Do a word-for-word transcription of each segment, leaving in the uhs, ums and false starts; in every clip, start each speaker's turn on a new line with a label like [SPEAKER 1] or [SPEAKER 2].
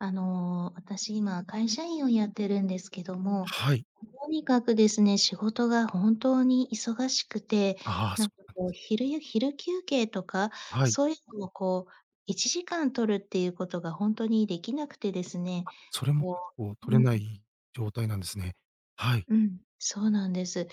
[SPEAKER 1] あの、私今会社員をやってるんですけども、ん、
[SPEAKER 2] はい。
[SPEAKER 1] とにかくですね、仕事が本当に忙しくて、
[SPEAKER 2] ああ、
[SPEAKER 1] な
[SPEAKER 2] そ
[SPEAKER 1] んか
[SPEAKER 2] うなんで
[SPEAKER 1] こ
[SPEAKER 2] す
[SPEAKER 1] う
[SPEAKER 2] ね。
[SPEAKER 1] 昼や昼休憩とか、
[SPEAKER 2] はい。
[SPEAKER 1] そういうのをこういちじかん取るっていうことがほんとにできなくてですね、
[SPEAKER 2] あ、それも結
[SPEAKER 1] こ
[SPEAKER 2] 構
[SPEAKER 1] う
[SPEAKER 2] 取
[SPEAKER 1] う
[SPEAKER 2] れな
[SPEAKER 1] ん。
[SPEAKER 2] い状態なんですね。はい。
[SPEAKER 1] うん、そうなんです。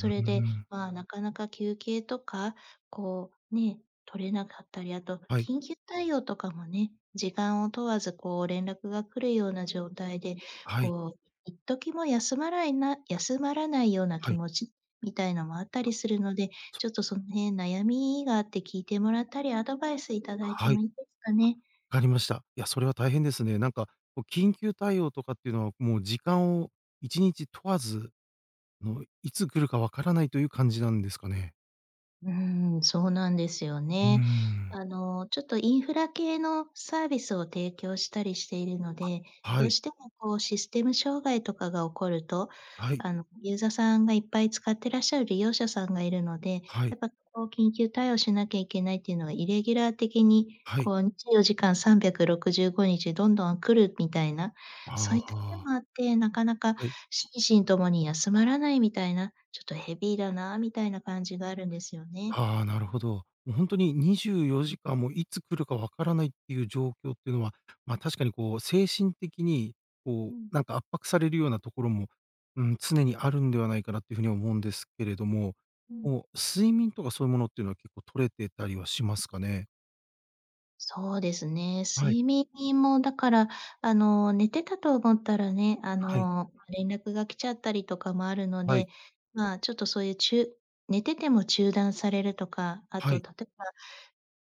[SPEAKER 2] ううー
[SPEAKER 1] れで、
[SPEAKER 2] ん。
[SPEAKER 1] まあ、なかなか休憩とか、こう、ね、取れなかったり、あと、
[SPEAKER 2] はい。
[SPEAKER 1] 緊急対応とかもね、時間を問わずこう連絡が来るような状態で、
[SPEAKER 2] はい。
[SPEAKER 1] こう一時も休まらいな休まらないような
[SPEAKER 2] は
[SPEAKER 1] 気
[SPEAKER 2] い。
[SPEAKER 1] 持ちみたいのもあった
[SPEAKER 2] あ。
[SPEAKER 1] りするので、
[SPEAKER 2] そ
[SPEAKER 1] ちょっとその辺悩みがあって聞いてもらったり、アドバイスいただいて
[SPEAKER 2] は
[SPEAKER 1] も
[SPEAKER 2] い。
[SPEAKER 1] いいですかね？
[SPEAKER 2] あ、かりました。いや、それは大変ですね。なんか、こう緊急対応とかっていうのは、もう時間をいちにち問わず、の、いつ来るか分からないという感じなんですかね。
[SPEAKER 1] うーん、そうなんですよ
[SPEAKER 2] うー
[SPEAKER 1] ね。
[SPEAKER 2] ん。
[SPEAKER 1] あの、ちょっとインフラ系のサービスを提供したりしているの
[SPEAKER 2] あ、
[SPEAKER 1] で、
[SPEAKER 2] は
[SPEAKER 1] どう
[SPEAKER 2] い。
[SPEAKER 1] してもこうシステム障害とかが起こると、
[SPEAKER 2] はい。
[SPEAKER 1] あのユーザーさんがいっぱい使ってらっしゃる利用者さんがいるので、
[SPEAKER 2] は
[SPEAKER 1] や
[SPEAKER 2] い。
[SPEAKER 1] っぱこう緊急対応しなきゃいけないっていうのはイレギュラー的に
[SPEAKER 2] はい。
[SPEAKER 1] こうにじゅうよじかんさんびゃくろくじゅうごにちどんどん来るみたいな、
[SPEAKER 2] あ
[SPEAKER 1] そういった点
[SPEAKER 2] あ。
[SPEAKER 1] もあって、なかなか
[SPEAKER 2] はい。
[SPEAKER 1] 心身ともに休まらないみたいな、ちょっとヘビーだなみたいな感じがあるんですよね。
[SPEAKER 2] はあ、なるほど。もうほんとににじゅうよじかん、も、いつ来るか分からないっていう状況っていうのは、まあ、確かにこう精神的に
[SPEAKER 1] う
[SPEAKER 2] こう
[SPEAKER 1] ん。
[SPEAKER 2] なんか圧迫されるようなところも、うーん、常にあるんではないかなっていう風に思うんですけれども、
[SPEAKER 1] うん。
[SPEAKER 2] もう睡眠とかそういうものっていうのは結構取れてたりはしますかね？
[SPEAKER 1] そうですね、
[SPEAKER 2] はい。
[SPEAKER 1] 睡眠もだから、あの寝てたと思ったらね、あ
[SPEAKER 2] はい。
[SPEAKER 1] の連絡が来ちゃったりとかもあるの
[SPEAKER 2] はい
[SPEAKER 1] で、まあ、ちょっとそういうちゅう寝てても中断されるとか、あ
[SPEAKER 2] は
[SPEAKER 1] と
[SPEAKER 2] い。
[SPEAKER 1] 例えば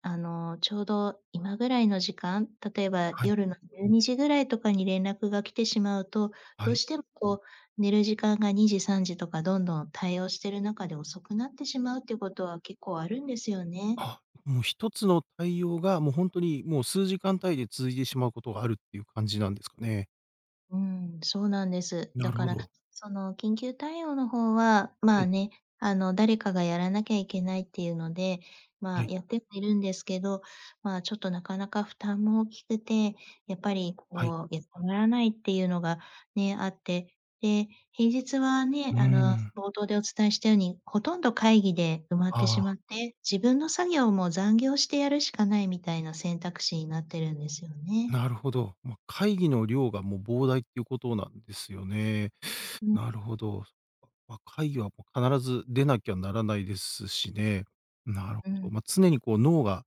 [SPEAKER 1] あのちょうど今ぐらいの時間、例えば
[SPEAKER 2] はい。
[SPEAKER 1] 夜のじゅうにじぐらいとかに連絡が来てしまうと、
[SPEAKER 2] は
[SPEAKER 1] どう
[SPEAKER 2] い。
[SPEAKER 1] してもこう寝る時間がにじさんじとかどんどん対応してる中で遅くなってしまうっていうことは結構あるんですよね。
[SPEAKER 2] あ、もうひとつの対応が、もうほんとにもう数時間単位で続いてしまうことがあるっていう感じなんですかね？
[SPEAKER 1] うん、そうなんです。
[SPEAKER 2] な
[SPEAKER 1] だ
[SPEAKER 2] る
[SPEAKER 1] か
[SPEAKER 2] ほ
[SPEAKER 1] ら
[SPEAKER 2] ど。
[SPEAKER 1] その緊急対応の方はま
[SPEAKER 2] は
[SPEAKER 1] あ
[SPEAKER 2] い。
[SPEAKER 1] ね、あの誰かがやらなきゃいけないっていうので、ま、
[SPEAKER 2] はい。
[SPEAKER 1] やってはいるんですけど、まあ、ちょっとなかなか負担も大きくて、やっぱり
[SPEAKER 2] はい。
[SPEAKER 1] こう休まらないっていうのがね、あって、で、平日はね、
[SPEAKER 2] うー
[SPEAKER 1] あの
[SPEAKER 2] ん。
[SPEAKER 1] 冒頭でお伝えしたように、ほとんど会議で埋まっ
[SPEAKER 2] あ
[SPEAKER 1] てしま
[SPEAKER 2] あ。
[SPEAKER 1] って、自分の作業も残業してやるしかないみたいな選択肢になってるんですよね。
[SPEAKER 2] なるほど。ま、会議の量がもう膨大っていうことなんですよね。
[SPEAKER 1] うん。
[SPEAKER 2] なるほど。ま、会議はもう必ず出なきゃならないですしね。なる
[SPEAKER 1] う
[SPEAKER 2] ほど。
[SPEAKER 1] ん。
[SPEAKER 2] ま、常にこう脳が、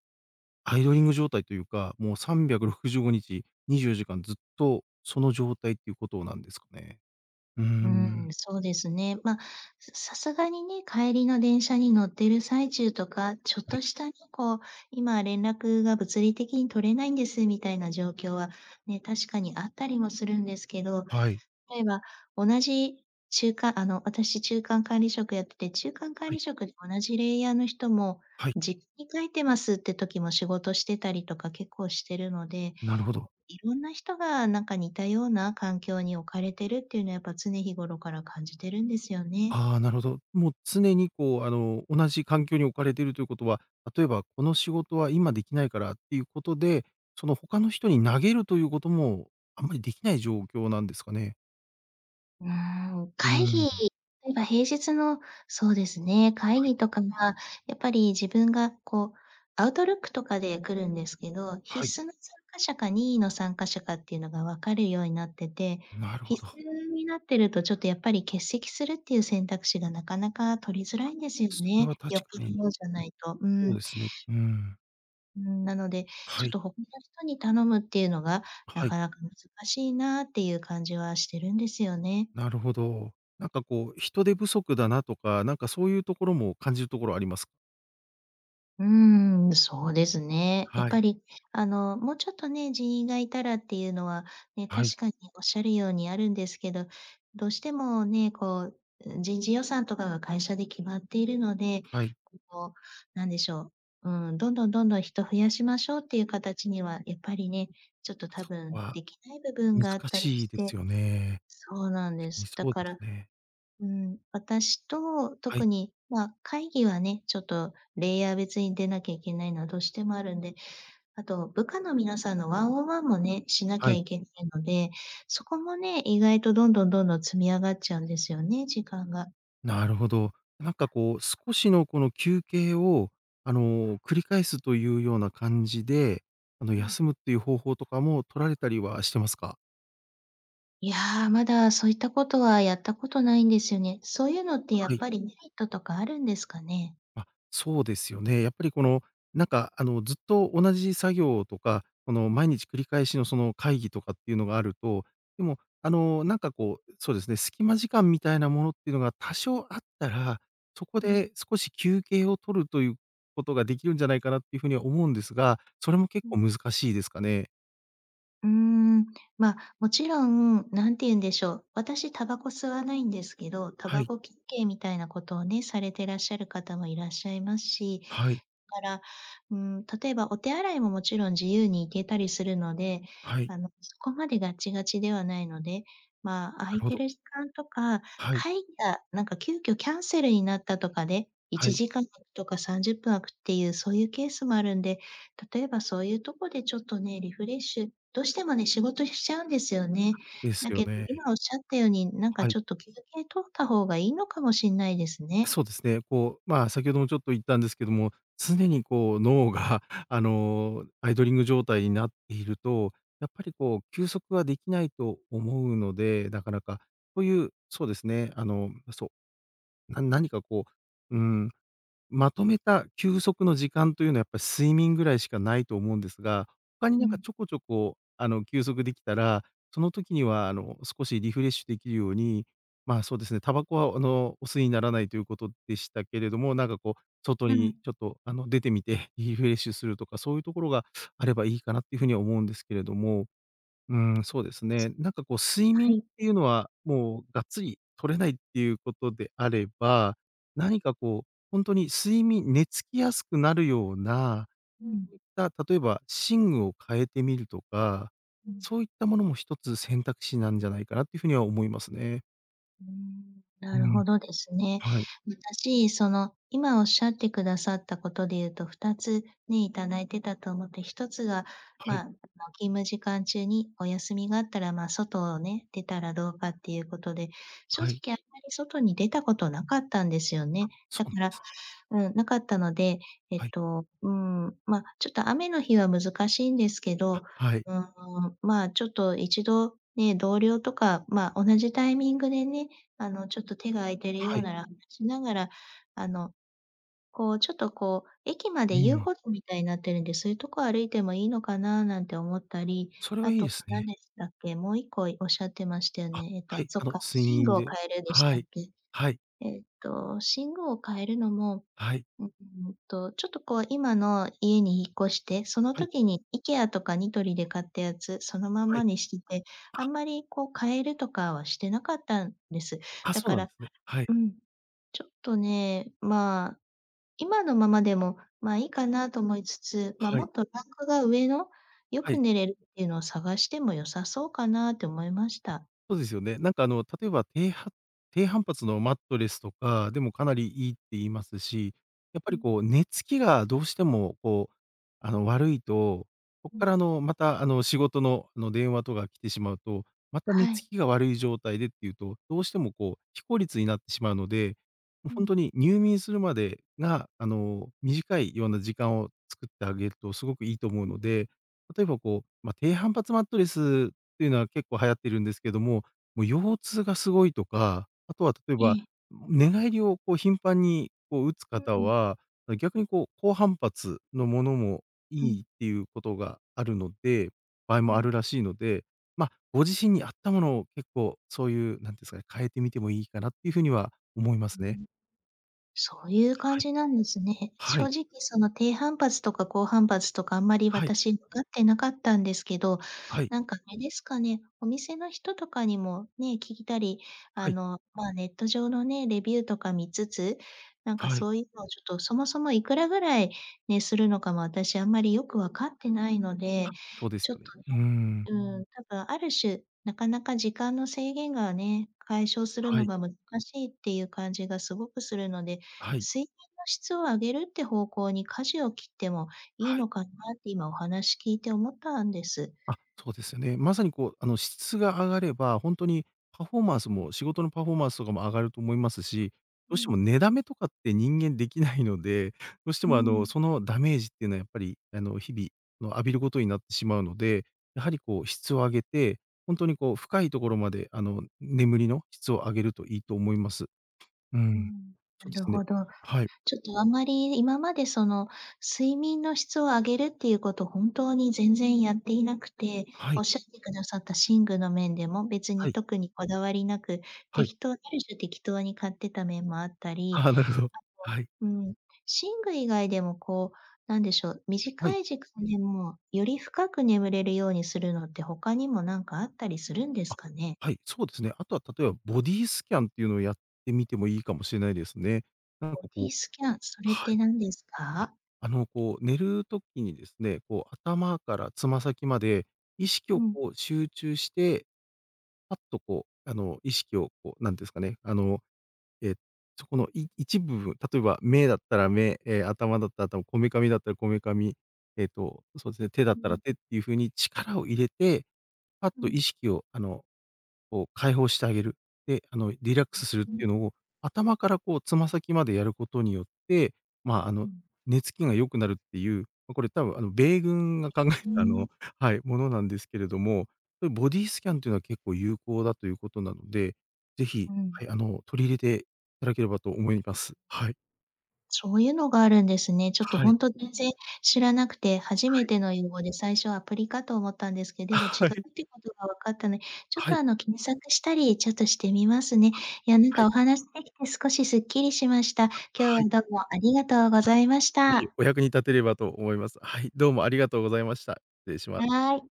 [SPEAKER 2] アイドリング状態というか、もうさんびゃくろくじゅうごにちにじゅうよじかんずっとその状態っていうことなんですかね？うー
[SPEAKER 1] うーん、
[SPEAKER 2] ん。
[SPEAKER 1] そうですね。ま、ささすがにね、帰りの電車に乗っている最中とか、ちょっ
[SPEAKER 2] はい。
[SPEAKER 1] としたね、こう今連絡が物理的に取れないんですみたいな状況はね、確かにあったりもするんですけど、
[SPEAKER 2] はい。
[SPEAKER 1] 例えば同じ中間あの、私中間管理職やってて、中間管
[SPEAKER 2] はい。
[SPEAKER 1] 理職で同じレイヤーの人も、
[SPEAKER 2] はい。
[SPEAKER 1] 実家に帰ってますって時も仕事してたりとか結構してるので、
[SPEAKER 2] なるほど。
[SPEAKER 1] こういろんな人がなんか似たような環境に置かれてるっていうのはやっぱ常日頃から感じてるんですよね。
[SPEAKER 2] ああ、なるほど。もう常にこうあの同じ環境に置かれているということは、例えばこの仕事は今できないからっていうことで、その他の人に投げるということも、あんまりできない状況なんですかね？
[SPEAKER 1] うーん、
[SPEAKER 2] う
[SPEAKER 1] 会
[SPEAKER 2] ー
[SPEAKER 1] 議
[SPEAKER 2] ん。
[SPEAKER 1] えば平日の、そうですね、会
[SPEAKER 2] はい。
[SPEAKER 1] 議とか、まあ、やっぱり自分がこう、Outlook とかで来るんですけど、必
[SPEAKER 2] はい。
[SPEAKER 1] 須の参加者か任意の参加者かっていうのが分かるようになってて、
[SPEAKER 2] なるほ
[SPEAKER 1] 必
[SPEAKER 2] ど。
[SPEAKER 1] 須になってるとちょっとやっぱり欠席するっていう選択肢がなかなか取りづら
[SPEAKER 2] あ、
[SPEAKER 1] いんですよ
[SPEAKER 2] それ
[SPEAKER 1] ね。
[SPEAKER 2] は
[SPEAKER 1] よっ
[SPEAKER 2] 確
[SPEAKER 1] ぽ
[SPEAKER 2] かに。
[SPEAKER 1] どのじゃないと。うー
[SPEAKER 2] おう
[SPEAKER 1] ん。
[SPEAKER 2] ですね、うーん。
[SPEAKER 1] うーん、なので、ち
[SPEAKER 2] は
[SPEAKER 1] ょっ
[SPEAKER 2] い。
[SPEAKER 1] と他の人に頼むっていうのが、
[SPEAKER 2] あ、
[SPEAKER 1] な
[SPEAKER 2] はい。
[SPEAKER 1] かなか難しいなっていう感じはしてるんですよね。
[SPEAKER 2] なるほど。なんかこう、人手不足だなとか、なんかそういう所も感じるところあります？
[SPEAKER 1] うーん、そうですね。やっ
[SPEAKER 2] は
[SPEAKER 1] ぱ
[SPEAKER 2] い。
[SPEAKER 1] りあの、もうちょっとね、人員がいたらっていうのはね、
[SPEAKER 2] はい。
[SPEAKER 1] 確かにおっしゃるようにあるんですけど、どうしてもね、こう、う人事予算とかが会社で決まっているので、
[SPEAKER 2] はい。
[SPEAKER 1] こう、なんでしょう、うん、どんどんどんどん人増やしましょうっていう形にはやっぱりね、ちょっと多
[SPEAKER 2] そこ
[SPEAKER 1] 分
[SPEAKER 2] は、
[SPEAKER 1] できない部分
[SPEAKER 2] 難
[SPEAKER 1] があったり
[SPEAKER 2] しい
[SPEAKER 1] し
[SPEAKER 2] で
[SPEAKER 1] て
[SPEAKER 2] すよね。
[SPEAKER 1] そうなん
[SPEAKER 2] ち
[SPEAKER 1] で
[SPEAKER 2] み
[SPEAKER 1] す。だ
[SPEAKER 2] そう
[SPEAKER 1] か
[SPEAKER 2] です
[SPEAKER 1] ら、
[SPEAKER 2] ね。
[SPEAKER 1] うん、私と
[SPEAKER 2] はい。
[SPEAKER 1] 特に、ま、会議はね、ちょっとレイヤー別に出なきゃいけないのはどうしてもあるんで、あと部下の皆さんのワンオンワンもね、しなき
[SPEAKER 2] は
[SPEAKER 1] ゃ
[SPEAKER 2] い。
[SPEAKER 1] いけないので、そこもね、意外とどんどんどんどん積み上がっちゃうんですよね、時間が。
[SPEAKER 2] なるほど。なんかこう、少しのこの休憩を、あの繰り返すというような感じで、あの、
[SPEAKER 1] うん。
[SPEAKER 2] 休むっていう方法とかも取られたりはしてますか？
[SPEAKER 1] いや、まだそういったことはやったことないんですよね。そういうのってや
[SPEAKER 2] は
[SPEAKER 1] っ
[SPEAKER 2] い。
[SPEAKER 1] ぱりメリットとかあるんですかね。
[SPEAKER 2] あ、そうですよね。やっぱりこの、なんかあのずっと同じ作業とか、この毎日繰り返しのその会議とかっていうのがあると、でも、あのなんかこう、そうですね、隙間時間みたいなものっていうのが多少あったら、そこ
[SPEAKER 1] うん。
[SPEAKER 2] で少し休憩を取るという事ができるんじゃないかなっていう風には思うんですが、それも結
[SPEAKER 1] う
[SPEAKER 2] 構
[SPEAKER 1] ん。
[SPEAKER 2] 難しいですかね。
[SPEAKER 1] うーん、ま、もちろん、なんていうんでしょう。私タバコ吸わないんですけど、タ
[SPEAKER 2] は
[SPEAKER 1] バ
[SPEAKER 2] い。
[SPEAKER 1] コきっけいみたいなことをね、されてらっしゃる方もいらっしゃいますし、
[SPEAKER 2] はい。
[SPEAKER 1] から、うーん、例えばお手洗いももちろん自由に行けたりするので、
[SPEAKER 2] はい。
[SPEAKER 1] あのそこまでガチガチではないので、まあ空
[SPEAKER 2] なる
[SPEAKER 1] い
[SPEAKER 2] ほ
[SPEAKER 1] て
[SPEAKER 2] ど。
[SPEAKER 1] る時間とか、
[SPEAKER 2] はい。
[SPEAKER 1] 会議がなんか急遽キャンセルになったとかでい
[SPEAKER 2] は
[SPEAKER 1] ち
[SPEAKER 2] い。
[SPEAKER 1] じかん開くとかさんじゅっぷん開くっていうそういうケースもあるんで、例えばそういうとこでちょっとね、リフレッシュどうしてもね、仕事しちゃうんですよね。
[SPEAKER 2] あ、です
[SPEAKER 1] だ
[SPEAKER 2] よ
[SPEAKER 1] けど
[SPEAKER 2] ね。
[SPEAKER 1] 今おっしゃったように、なん
[SPEAKER 2] は
[SPEAKER 1] か
[SPEAKER 2] はい。
[SPEAKER 1] ちょっと休憩取った方がいいのかもしんないですね。
[SPEAKER 2] そうですね、こう、まあ先ほどもちょっと言ったんですけども、常にこう脳があの、アイドリング状態になっていると、やっぱりこう休息はできないと思うので、なかなか。こういうそうですね、あの、うそう、な何かこう、うーん、まとめた休息の時間というのは、やっぱ睡眠ぐらいしかないと思うんですが、他に
[SPEAKER 1] う
[SPEAKER 2] なんか
[SPEAKER 1] ん。
[SPEAKER 2] ちょこちょこ、あの休息できたら、その時にはあの少しリフレッシュできるように、まあ、そうですね、タバコはあのお吸いにならないということでしたけれども、なんかこう、外
[SPEAKER 1] ふん。
[SPEAKER 2] にちょっとあの出てみて、リフレッシュするとか、そういうところがあればいいかなっていう風には思うんですけれども。うーん、そうで
[SPEAKER 1] え、
[SPEAKER 2] すね。なんかこう睡眠
[SPEAKER 1] そう。は
[SPEAKER 2] っ
[SPEAKER 1] い。
[SPEAKER 2] ていうのは、もうがっつり取れないっていう事であれば、何かこう、ほんとに睡眠寝つきやすくなるような、
[SPEAKER 1] うん。
[SPEAKER 2] うった、例えば寝具を変えてみるとか、
[SPEAKER 1] うん。
[SPEAKER 2] そういったものもひとつ選択肢なんじゃないかなっていう風には思いますね。
[SPEAKER 1] うーん、な
[SPEAKER 2] う
[SPEAKER 1] る
[SPEAKER 2] ん。
[SPEAKER 1] ほどですね。
[SPEAKER 2] はい。
[SPEAKER 1] 私その今おっしゃってくださったことで言うと、ふたつね、いただいてたと思って、ひとつが
[SPEAKER 2] は
[SPEAKER 1] まあ、
[SPEAKER 2] い。
[SPEAKER 1] あの、勤務時間中にお休みがあったらまあ外をね、出たらどうかっていうことで、正
[SPEAKER 2] は
[SPEAKER 1] 直
[SPEAKER 2] い。
[SPEAKER 1] あんまり外に出たことなかったんですよ
[SPEAKER 2] あ、
[SPEAKER 1] ね。
[SPEAKER 2] そ
[SPEAKER 1] だ
[SPEAKER 2] う
[SPEAKER 1] か
[SPEAKER 2] なん
[SPEAKER 1] ら、
[SPEAKER 2] す。
[SPEAKER 1] うん、なかったので、えっ
[SPEAKER 2] はい。
[SPEAKER 1] と、うーん、ま、ちょっと雨の日は難しいんですけど。
[SPEAKER 2] あ、はい。
[SPEAKER 1] うーん、まあ、ちょっといちどね、同僚とか、ま、同じタイミングでね、あのちょっと手が空いてるよ
[SPEAKER 2] は
[SPEAKER 1] う
[SPEAKER 2] い。
[SPEAKER 1] なら [unintelligible] しながら、あの、こうちょっとこう駅ま
[SPEAKER 2] う
[SPEAKER 1] で
[SPEAKER 2] ー
[SPEAKER 1] 遊
[SPEAKER 2] ん。
[SPEAKER 1] 歩道みたいになってるんで、そういうとこ歩いてもいいのかななんて思ったり、
[SPEAKER 2] それは
[SPEAKER 1] あ
[SPEAKER 2] いいで
[SPEAKER 1] と
[SPEAKER 2] す
[SPEAKER 1] 何
[SPEAKER 2] ね。
[SPEAKER 1] でしたっけ。もういっこおっしゃってましたよ
[SPEAKER 2] あ、
[SPEAKER 1] ね。ええと、
[SPEAKER 2] はい、
[SPEAKER 1] そ
[SPEAKER 2] あ
[SPEAKER 1] っ
[SPEAKER 2] の
[SPEAKER 1] か、
[SPEAKER 2] 睡
[SPEAKER 1] 寝具
[SPEAKER 2] 眠
[SPEAKER 1] を
[SPEAKER 2] で。
[SPEAKER 1] 変えるんでし
[SPEAKER 2] は
[SPEAKER 1] たっ
[SPEAKER 2] い。
[SPEAKER 1] け。
[SPEAKER 2] はい。
[SPEAKER 1] ええと、寝具を変えるのも、
[SPEAKER 2] はい。
[SPEAKER 1] うんと、ちょっとこう今の家に引っ越して、その
[SPEAKER 2] はい。
[SPEAKER 1] 時に IKEA とかニトリで買ったやつ、そのまん
[SPEAKER 2] は
[SPEAKER 1] ま
[SPEAKER 2] い。
[SPEAKER 1] にしていて、あ
[SPEAKER 2] あ。
[SPEAKER 1] んまりこう変えるとかはしてなかったんです。
[SPEAKER 2] あ、
[SPEAKER 1] だ
[SPEAKER 2] そう
[SPEAKER 1] か
[SPEAKER 2] な
[SPEAKER 1] ら、
[SPEAKER 2] ん
[SPEAKER 1] あ、
[SPEAKER 2] すね。はい。
[SPEAKER 1] うん、ちょっとね、まあ今のままでも、まあ、いいかなと思いつつ、ま、
[SPEAKER 2] は
[SPEAKER 1] も
[SPEAKER 2] い。
[SPEAKER 1] っとランクが上のよ
[SPEAKER 2] は
[SPEAKER 1] く
[SPEAKER 2] い。
[SPEAKER 1] 寝れるっていうのを探しても良さそうかなと思いました。
[SPEAKER 2] そうですよね、なんかあの例えば、ていは低反発のマットレスとかでもかなりいいって言いますし、やっぱ
[SPEAKER 1] う
[SPEAKER 2] り
[SPEAKER 1] ん。
[SPEAKER 2] こう寝つきがどうしてもこう、あの悪いと、こ
[SPEAKER 1] う
[SPEAKER 2] っ
[SPEAKER 1] ん。
[SPEAKER 2] からあのまたあの仕事のあの電話とか来てしまうと、また
[SPEAKER 1] は
[SPEAKER 2] 寝つ
[SPEAKER 1] い。
[SPEAKER 2] きが悪い状態でっていうと、どうしてもこう、非効率になってしまうので、もう
[SPEAKER 1] う
[SPEAKER 2] ほん
[SPEAKER 1] ん。
[SPEAKER 2] とに入眠するまでが、あの短いような時間を作ってあげるとすごくいいと思
[SPEAKER 1] う
[SPEAKER 2] うの
[SPEAKER 1] ん。
[SPEAKER 2] で、例えばこう、まあ低反発マットレスっていうのは結構流行ってるんですけども、もう腰痛がすごいとか、あとは例え
[SPEAKER 1] え
[SPEAKER 2] ば、
[SPEAKER 1] え。
[SPEAKER 2] 寝返りをこう頻繁にこう打つ
[SPEAKER 1] う
[SPEAKER 2] 方
[SPEAKER 1] ん。
[SPEAKER 2] は、逆にこう高反発のものも
[SPEAKER 1] う
[SPEAKER 2] いいっ
[SPEAKER 1] ん。
[SPEAKER 2] ていうことがあるので場合
[SPEAKER 1] う
[SPEAKER 2] もあ
[SPEAKER 1] ん。
[SPEAKER 2] るらしいので、まあご自身に合ったものを結構そういう、なんてんすかね、変えてみてもいいかなっていう風には思いま
[SPEAKER 1] ふー
[SPEAKER 2] すね。
[SPEAKER 1] ん。そういう感
[SPEAKER 2] はい。
[SPEAKER 1] じなんですね。
[SPEAKER 2] は
[SPEAKER 1] 正
[SPEAKER 2] い。
[SPEAKER 1] 直その低反発とか高反発とかあんまり
[SPEAKER 2] はい。
[SPEAKER 1] 私わかってなかったんですけど、
[SPEAKER 2] はい。
[SPEAKER 1] なんかあれですかね、お店の人とかにもね、聞いたり、あ
[SPEAKER 2] はい。
[SPEAKER 1] の、ま、ネット上のね、レビューとか見つつ、なんか
[SPEAKER 2] はい。
[SPEAKER 1] そういうのをちょっとそもそもいくらぐらいね、するのかも私あんまりよくわかってないので、
[SPEAKER 2] あ、そうで
[SPEAKER 1] ち
[SPEAKER 2] す
[SPEAKER 1] ょっ
[SPEAKER 2] よね。
[SPEAKER 1] とね。
[SPEAKER 2] うーん。
[SPEAKER 1] うん、多分ある種、なかなか時間の制限がね、解消する
[SPEAKER 2] は
[SPEAKER 1] の
[SPEAKER 2] い。
[SPEAKER 1] が難しいっていう感じがすごくするので、
[SPEAKER 2] はい。
[SPEAKER 1] 睡眠の質を上げるっていう方向に舵を切ってもいい
[SPEAKER 2] はい。
[SPEAKER 1] のかなって今お話聞いて思ったんです。
[SPEAKER 2] あ、そうですよね。まさにこうあの質が上がれば、ほんとにパフォーマンスも仕事のパフォーマンスとかも上がると思いますし、ど
[SPEAKER 1] う
[SPEAKER 2] うしても
[SPEAKER 1] ん。
[SPEAKER 2] 寝だめとかって人間できないので、どうして
[SPEAKER 1] う
[SPEAKER 2] もあの
[SPEAKER 1] ん。
[SPEAKER 2] そのダメージっていうのはやっぱりあの日々、あの浴びることになってしまうので、やはりこう質を上げて、ほんとにこう深いところまであの眠りの質を上げるといいと思います。うー
[SPEAKER 1] う
[SPEAKER 2] ん。
[SPEAKER 1] ん、
[SPEAKER 2] そ
[SPEAKER 1] な
[SPEAKER 2] うで
[SPEAKER 1] る
[SPEAKER 2] すね。
[SPEAKER 1] ほど。
[SPEAKER 2] はい。
[SPEAKER 1] ちょっとあんまり今までその睡眠の質を上げるっていうこと本当に全然やっていなくて、
[SPEAKER 2] は
[SPEAKER 1] お
[SPEAKER 2] い。
[SPEAKER 1] っしゃってくださった寝具の面でも別
[SPEAKER 2] は
[SPEAKER 1] に
[SPEAKER 2] い。
[SPEAKER 1] 特にこだわりなく、
[SPEAKER 2] はい。
[SPEAKER 1] 適当ある種、適当に買ってた面もあったり。
[SPEAKER 2] ああ、なるほど。はい。
[SPEAKER 1] あと、うん、寝具以外でもこう、何でしょう、
[SPEAKER 2] は
[SPEAKER 1] 短
[SPEAKER 2] い。
[SPEAKER 1] い時間でもより深く眠れるようにするのって他にも何かあったりするんです
[SPEAKER 2] あ、
[SPEAKER 1] かね？
[SPEAKER 2] はい、そうですね。あとは例えばボディスキャンっていうのをやってみてもいいかもしれないですね。なんか
[SPEAKER 1] ボデ
[SPEAKER 2] こう、
[SPEAKER 1] ィスキャン、それっ
[SPEAKER 2] は
[SPEAKER 1] て
[SPEAKER 2] い。
[SPEAKER 1] 何です
[SPEAKER 2] あ、
[SPEAKER 1] か？
[SPEAKER 2] あのこう寝る時にですね、こう頭からつま先まで意識
[SPEAKER 1] う
[SPEAKER 2] を
[SPEAKER 1] ん。
[SPEAKER 2] こう集中して、パッとこう、あの意識をこう、なんてんすかね、あの、ええ、そこのい一部、例えば目だったら目、ええ頭だったら頭、こめかみだったらこめかみ、ええと、そうですね、手だっ
[SPEAKER 1] う
[SPEAKER 2] たら
[SPEAKER 1] ん。
[SPEAKER 2] 手っていう風に力を入れて、パッ
[SPEAKER 1] う
[SPEAKER 2] と
[SPEAKER 1] ん。
[SPEAKER 2] 意識をあの、こう解放してあげる。で、あのリラックスするっ
[SPEAKER 1] う
[SPEAKER 2] て
[SPEAKER 1] ん。
[SPEAKER 2] いうのを、頭からこうつま先までやることによって、まああの、
[SPEAKER 1] うん。
[SPEAKER 2] 寝つきが良くなるっていう、まあこれ多分あの米軍が考え
[SPEAKER 1] ふー
[SPEAKER 2] たあの、
[SPEAKER 1] ん。
[SPEAKER 2] はい、ものなんですけれども、ボディスキャンっていうのは結構有効だということなので、ぜひ、
[SPEAKER 1] う
[SPEAKER 2] は
[SPEAKER 1] ん。
[SPEAKER 2] い、あの取り入れていただければと思います。はい。
[SPEAKER 1] そういうのがあるんですね。ちょっと
[SPEAKER 2] は
[SPEAKER 1] ほ
[SPEAKER 2] い。
[SPEAKER 1] んと全然知らなくて初め
[SPEAKER 2] はい。
[SPEAKER 1] ての用語で最初アプリかと思ったんですけど、でも違
[SPEAKER 2] は
[SPEAKER 1] う
[SPEAKER 2] い。
[SPEAKER 1] ってことがわかったので、ちょっ
[SPEAKER 2] は
[SPEAKER 1] と
[SPEAKER 2] い。
[SPEAKER 1] あの検索したりちょっとしてみますね。
[SPEAKER 2] あ、
[SPEAKER 1] いや、なん
[SPEAKER 2] は
[SPEAKER 1] か
[SPEAKER 2] い。
[SPEAKER 1] お話しできて少しすっきりしました。
[SPEAKER 2] あ、
[SPEAKER 1] 今
[SPEAKER 2] はい。
[SPEAKER 1] 日はどうもありがとうご
[SPEAKER 2] あ、
[SPEAKER 1] ざいまし
[SPEAKER 2] いえ、
[SPEAKER 1] た。
[SPEAKER 2] お役に立てればと思います。はい、どうもありがとうございました。失礼します。
[SPEAKER 1] はい。